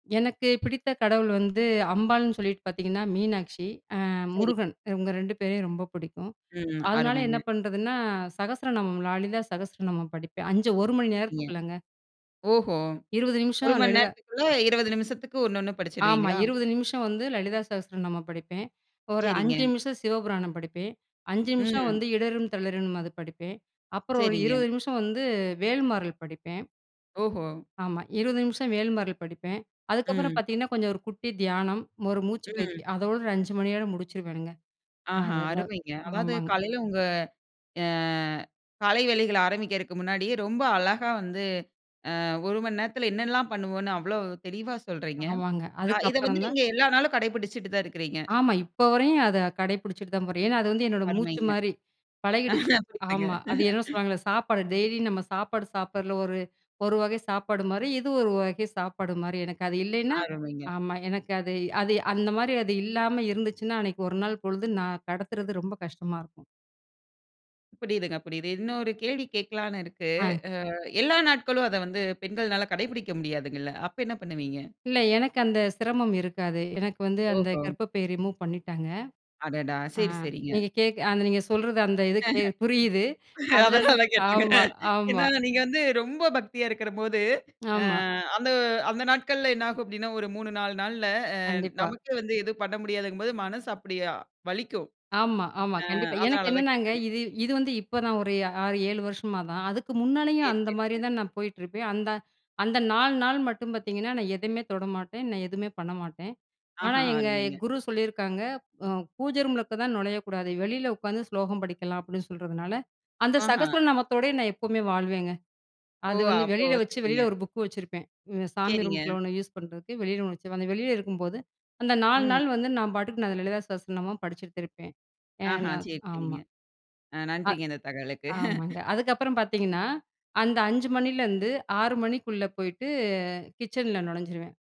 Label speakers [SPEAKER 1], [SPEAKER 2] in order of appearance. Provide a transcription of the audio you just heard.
[SPEAKER 1] எனக்கு பிடித்த கடவுள் வந்து, அம்பாள்னு சொல்லிட்டு பாத்தீங்கன்னா மீனாட்சி. அ,
[SPEAKER 2] சரி.
[SPEAKER 1] முருகன். இவுங்க 2 பேரையும் ரொம்ப புடிக்கும்.
[SPEAKER 2] ம்,
[SPEAKER 1] அதனால என்ன
[SPEAKER 2] அருமைங்க.
[SPEAKER 1] பண்றதுன்னா, அ "சகஸ்ரநாமம், லாலிதா சகஸ்ரநாமம்" படிப்பேன். 5 1 மணி
[SPEAKER 2] சரிங்க.
[SPEAKER 1] நேரத்துக்குள்ளங்க.
[SPEAKER 2] ஓஹோ,
[SPEAKER 1] 20
[SPEAKER 2] 1
[SPEAKER 1] நிமிஷம்
[SPEAKER 2] மண்
[SPEAKER 1] லலிதா
[SPEAKER 2] நேரத்துக்குள்ள, 20 நிமிஷத்துக்கு ஒண்ணு ஒண்ணு
[SPEAKER 1] ஆமா
[SPEAKER 2] படிச்சிருவீங்களா?
[SPEAKER 1] 20 நிமிஷம் வந்து "லலிதா சஹஸ்ர நாமம்" படிப்பேன். ஒரு 5
[SPEAKER 2] சரிங்க.
[SPEAKER 1] நிமிஷம் "சிவபுராணம்" படிப்பேன். 5 நிமிஷம்
[SPEAKER 2] ம்.
[SPEAKER 1] வந்து "இடறும் தளிரும்னு" அது படிப்பேன். அப்புறம் ஒரு
[SPEAKER 2] சரிங்க.
[SPEAKER 1] 20 நிமிஷம் வந்து "வேல்மாறல்" படிப்பேன்.
[SPEAKER 2] ஓஹோ
[SPEAKER 1] ஆமா 20 நிமிஷம் "வேல்மாரள்" படிப்பேன். அதுக்கப்புறம்
[SPEAKER 2] ம்.
[SPEAKER 1] பாத்தீங்கன்னா கொஞ்சம் ஒரு குட்டி தியானம். ஒரு மூச்சு
[SPEAKER 2] ம்.
[SPEAKER 1] பயிற்சி. அதோடு, 5 மணியோட முடிச்சிருவேனுங்க.
[SPEAKER 2] ஆஹா
[SPEAKER 1] அதுதெல்லாம்
[SPEAKER 2] அருமைங்க. அதாவது
[SPEAKER 1] ஆமாங்க.
[SPEAKER 2] காலையில உங்க அ காலை வேலைகள ஆரம்பிக்கறக்கு முன்னாடியே ரொம்ப அழகா வந்து அ 1 மண் நேரத்தில என்னன்ல்லாம் பண்ணுவோம்ன்னு, அவ்வளோ தெளிவா சொல்றீங்க.
[SPEAKER 1] ஆமாங்க.
[SPEAKER 2] அ இத வந்து
[SPEAKER 1] அதுக்கப்புறம் தான்
[SPEAKER 2] நீங்க எல்லா நாளும் கடைபிடிச்சுட்டு தான் இருக்கிறீங்க?
[SPEAKER 1] ஆமா. இப்போ வரையும் அத கடைப்புடிச்சிட்டு தான் போறேன். ஏன்னா அது வந்து என்னோட மூச்சு
[SPEAKER 2] அருமைங்க.
[SPEAKER 1] மாரி, பழகிடுச்சு. ஆமா
[SPEAKER 2] [unintelligible]
[SPEAKER 1] அது என்ன சொல்லுவாங்கள்ல, சாப்பாடு டெய்லியும் நம்ம சாப்பாடு சாப்பிட்றதுல ஒரு ஒரு வகை சாப்பாடு மாரி, இது ஒரு வகை சாப்பாடு மாரி. எனக்கு அது இல்லைனா
[SPEAKER 2] அருமைங்க.
[SPEAKER 1] ஆமா எனக்கு அது அது அந்த மாரி அது இல்லாம இருந்துச்சுன்னா, அன்னைக்கு 1 நாள் பொழுது நான் கடத்துறது ரொம்ப கஷ்டமா இருக்கும்
[SPEAKER 2] புரியுதுங்க, புரியுது. இன்னொரு கேள்வி கேக்கலான்னு இருக்கு.
[SPEAKER 1] ஆ.
[SPEAKER 2] அ எல்லா நாட்களும் அத வந்து, பெண்கள்னால கடைபிடிக்க முடியாதுங்கள்ல! அப்ப என்ன பண்ணுவீங்க?
[SPEAKER 1] இல்ல, எனக்கு அந்த சிரமம் இருக்காது. எனக்கு வந்து அந்த
[SPEAKER 2] ஓஹோ!
[SPEAKER 1] கர்ப்பப்பை ரிமூவ் பண்ணிட்டாங்க.
[SPEAKER 2] அடடா!
[SPEAKER 1] ஆ
[SPEAKER 2] சரி, சரிங்க.
[SPEAKER 1] நீங்க கேக்க, அந்த நீங்க சொல்றது அந்த இது புரியுது. அதுனால
[SPEAKER 2] அதனால தான் கேட்டேன்ங்க.
[SPEAKER 1] ஆமா, ஆமா.
[SPEAKER 2] ஏன்னா நீங்க வந்து ரொம்ப பக்தியா இருக்கறம்போது, எ
[SPEAKER 1] ஆமா.
[SPEAKER 2] அந்த அந்த நாட்கள்ல என்ன ஆகும் அப்டின்னா, ஒரு 3, 4 நாள்ல, அ
[SPEAKER 1] கண்டிப்பா.
[SPEAKER 2] நமக்கே வந்து எதும் பண்ண முடியாதுங்கும் போது, மனசு அப்டியா வலிக்கும்.
[SPEAKER 1] ஆமா, ஆமா.
[SPEAKER 2] அ
[SPEAKER 1] கண்டிப்பா. எனக்கு
[SPEAKER 2] அதனால தான்
[SPEAKER 1] என்னன்னாங்க,
[SPEAKER 2] கேட்டேங்க.
[SPEAKER 1] இது இது வந்து இப்பதான் ஒரு 6-7 வருஷமா தான். அதுக்கு முன்னாலேயும்
[SPEAKER 2] செரி,
[SPEAKER 1] அந்த மாரி
[SPEAKER 2] செரிங்க.
[SPEAKER 1] தான் நான் போயிட்டுருப்பேன். அந்த அந்த 4 நாள் மட்டும் பாத்தீங்கன்னா, நான் எதுமே தொட மாட்டேன். நான் எதுமே பண்ண மாட்டேன். ஆனா
[SPEAKER 2] ஆஹா!
[SPEAKER 1] எங்க
[SPEAKER 2] அருமைங்க.
[SPEAKER 1] குரு சொல்லியிருக்காங்க. அ "பூஜ ரூம் உள்ளுக்க தான் நொழையக்கூடாது. வெளில உக்காந்து ஸ்லோகம் படிக்கலாம்" அப்டின்னு சொல்றதுனால, அந்த
[SPEAKER 2] ஆஹா,
[SPEAKER 1] "சகஸ்வர நாமத்தோடயே" நான் எப்பவுமே வாழ்வேங்க.
[SPEAKER 2] ஓ
[SPEAKER 1] அது வந்து
[SPEAKER 2] அப்போ
[SPEAKER 1] வெளியில வச்சு,
[SPEAKER 2] சரிங்க.
[SPEAKER 1] வெளியில ஒரு புக் வச்சிருப்பேன். இந்த சாமி
[SPEAKER 2] செரிங்க.
[SPEAKER 1] ரூமுக்குள்ள ஒண்ணு யூஸ் பண்றதுக்கு, வெளியில ஒண்ணு வச்சு, அந்த வெளியில இருக்கும்போது, அந்த 4
[SPEAKER 2] ம்.
[SPEAKER 1] நாள் வந்து நான் பாட்டுக்கு, நான் "லலிதா சாஸனமா" படிச்சுட்த்துருப்பேன்.
[SPEAKER 2] ஆஹ
[SPEAKER 1] ஏனா
[SPEAKER 2] சரி,
[SPEAKER 1] ஆமா.
[SPEAKER 2] சரிங்க. அ
[SPEAKER 1] ஆ
[SPEAKER 2] நன்றிங்க, இந்த தகவலுக்கு.
[SPEAKER 1] ஆமாங்க. அதுக்கப்புறம் பாத்தீங்கன்னா, அந்த 5 மணிலருந்து 6 மணிக்குள்ள போயிட்டு கிச்சன்ல நொழைஞ்சிருவேன்.